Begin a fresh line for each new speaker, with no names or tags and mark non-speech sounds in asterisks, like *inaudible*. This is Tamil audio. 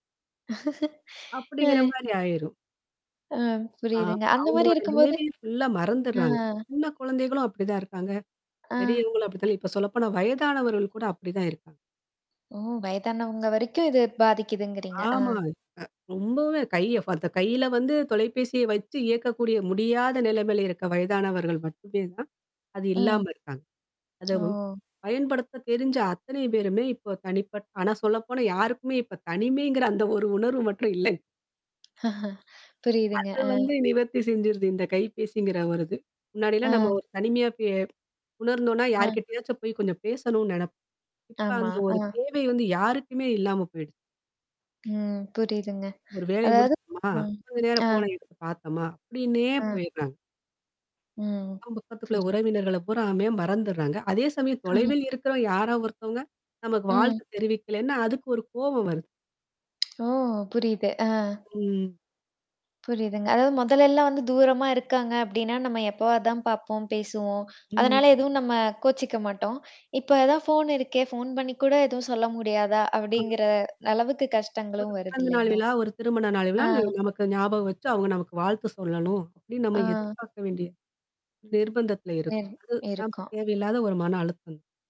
அப்படிங்கிற
அ.
மாரி ஆயிரும்.
ஆ
ஆ
புரியுதுங்க. அந்த மாதிரி
அவங்களோட
இருக்கும்போது.
நிலைவே ஃபுல்லா
அ!
மறந்துடுறாங்க. சின்ன குழந்தைகளும் அப்படிதான் இருக்காங்க.
அ.
பெரியவங்களும் அப்படித்தான். இப்போ சொல்லப்போனா வயதானவர்கள் கூட அப்படிதான் இருக்காங்க.
ஓ! வயதானவங்க வரைக்கு இது பாதிக்குதுங்கிறீங்க. ஆ.
ஆமா. அ ரொம்பவே கைய ஃப அந்த கையில வந்து தொலைபேசிய வச்சு இயக்கக்கூடிய முடியாத நிலைமையில இருக்கிற வயதானவர்கள் மட்டுமே தான் அது
ம்.
இல்லாம இருக்காங்க. அத வு
ஓ!
பயன்படுத்த தெரிஞ்ச அத்தனை பேருமே இப்போ தனிப்பட் ஆனா, சொல்லப்போனா யாருக்குமே இப்போ தனிமைங்கிற அந்த ஒரு உணர்வு மட்டும் இல்லங்.
புரியுதுங்க.
அது
அ.
வந்து நிவர்த்தி செஞ்சுடுது இந்த கைபேசிங்கிற ஒரு இது. முன்னாடிலாம் நம்ம
ஆ.
ஒரு தனிமையா *unintelligible* உணர்ந்தோனா
அ.
யார்கிட்டயாச்சும் போய் கொஞ்சம் பேசணும்னு நினைப்போம். இப்ப
ஆமா.
அந்த ஒரு
அ.
தேவை வந்து யாருக்குமே இல்லாம போயிடுச்சு.
ம். புரியுதுங்க.
ஒரு வேலையை
அதாவது
முடிச்சோமா,
ம்.
கொஞ்ச
*smacks lips*
நேரம்
அ.
ஃபோன எடுத்து பார்த்தோமா, அப்படின்னே
அ.
போயிட்றாங்க.
ம்.
அக்கம் பக்கத்துக்குள்ள
சரி.
உறவினர்கள பூராமே மறந்துடுறாங்க. அதே சமயம்
*laughs*
தொலைவில் இருக்கிற யாரா ஒருத்தவங்க, நமக்கு
ம்.
வாழ்த்து தெரிவிக்கலன்னா அதுக்கு ஒரு கோவம் வருது.
ஓ. புரியுது. ஆ.
ம்.
புரியுதுங்க. அதாவது முதலெல்லாம் வந்து தூரமா இருக்காங்க அப்படின்னா நம்ம எப்போவாது தான் பார்ப்போம் பேசுவோம்.
ம்.
அதனால எதுவும் நம்ம கோச்சிக்க மாட்டோம். இப்ப அதான் ஃபோன் இருக்கே, ஃபோன் பண்ணி கூட எதுவும் சொல்ல முடியாதா,
ஆ.
அப்படிங்கிற அளவுக்கு
ஒரு
கஷ்டங்களும் வருது
பிறந்த நாள்
இல்லைங்களா?
விழா ஒரு திருமண நாள் விழா
ஆ.
நமக்கு ஞாபகம் வச்சு அவங்க நமக்கு வாழ்த்து சொல்லணும், அப்படின்னு நம்ம
ஆ.
எதிர்பார்க்க வேண்டிய நிர்பந்தத்தில் இருக்கோம்.
*unintelligible*
அது
இருக்கும்.
தேவையில்லாத ஒரு மன அழுத்தம்.